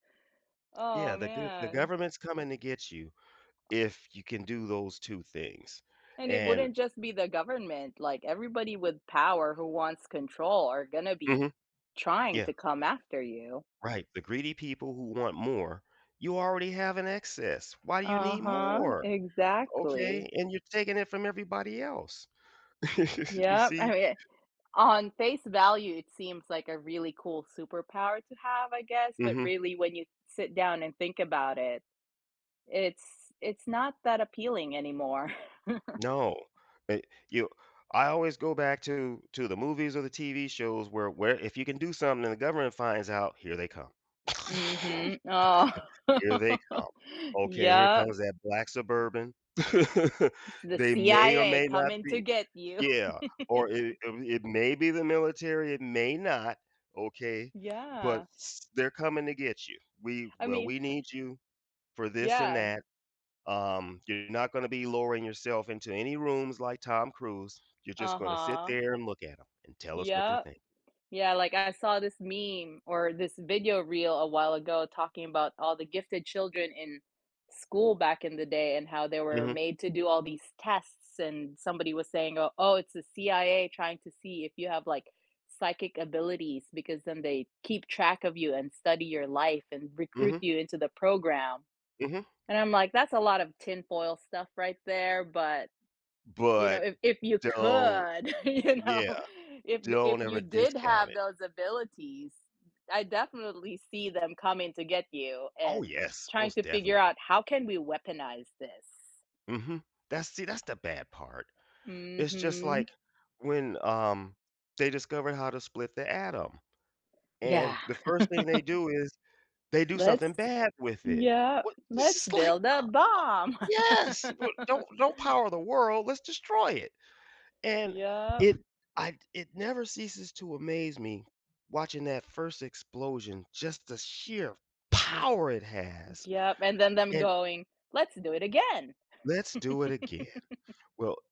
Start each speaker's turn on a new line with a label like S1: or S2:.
S1: Yeah,
S2: Oh
S1: the the go the
S2: man.
S1: government's coming to get you if you can do those two things,
S2: And it
S1: and
S2: wouldn't just be the government, like, everybody with power who wants control are gonna be
S1: Mhm.
S2: trying
S1: Yeah.
S2: to come after you.
S1: Right, the greedy people who want more, you already have an excess. Why do you need
S2: Uh-huh.
S1: more?
S2: Exactly.
S1: Okay, and you're taking it from everybody else. You
S2: Yep, I
S1: see?
S2: mean, on face value, it seems like a really cool superpower to have, I guess, but
S1: Mhm.
S2: really, when you sit down and think about it, it's it's not that appealing anymore.
S1: No, eh you I always go back to, to the movies or the TV shows where, where if you can do something and the government finds out, here they come.
S2: Mhm. Oh.
S1: Here they come. Okay, here
S2: Yeah.
S1: comes that black suburban.
S2: It's the
S1: They may or
S2: CIA
S1: may not
S2: coming to
S1: be
S2: get you.
S1: yeah, or it it may be the military, it may not, okay, but
S2: Yeah.
S1: s they're coming to get you, "We
S2: I
S1: well,
S2: mean
S1: we need you for this and
S2: Yeah.
S1: that, um, you're not gonna be lowering yourself into any rooms like Tom Cruise, you're just gonna sit
S2: Uh-huh.
S1: there and look at 'em and tell us what they're
S2: Yeah,
S1: think"
S2: yeah, like, I saw this meme or this video reel a while ago, talking about all the gifted children in school back in the day, and how they were
S1: Mhm.
S2: made to do all these tests, and somebody was saying, "O oh, it's the CIA trying to see if you have like psychic abilities, because then they keep track of you and study your life, and recruit
S1: Mhm.
S2: you into the program."
S1: Mhm.
S2: And I'm, like, "That's a lot of tin foil stuff right there", but you know,
S1: But
S2: if if you
S1: don't
S2: could, you know,
S1: yeah.
S2: if y if
S1: Don't ever
S2: you did
S1: discount
S2: have
S1: it.
S2: those abilities, I definitely see them coming to get you
S1: Oh
S2: and
S1: yes,
S2: trying
S1: most
S2: to figure
S1: definitely.
S2: out, "How can we weaponize this?"
S1: Mhm, that's see, that's the bad part. It's just
S2: Mhm.
S1: like when um, they discovered how to split the atom
S2: Yeah.
S1: and the first thing they do is they do
S2: Let's
S1: something bad with it.
S2: yeah,
S1: What this
S2: "Let's
S1: is like
S2: build a bomb."
S1: yes, w don't don't power the world, let's destroy it, and
S2: Yeah.
S1: it I it never ceases to amaze me watching that first explosion, just the sheer power it has,
S2: Yeah, and then them
S1: and
S2: going, "Let's do it again!"
S1: "Let's do it again." Well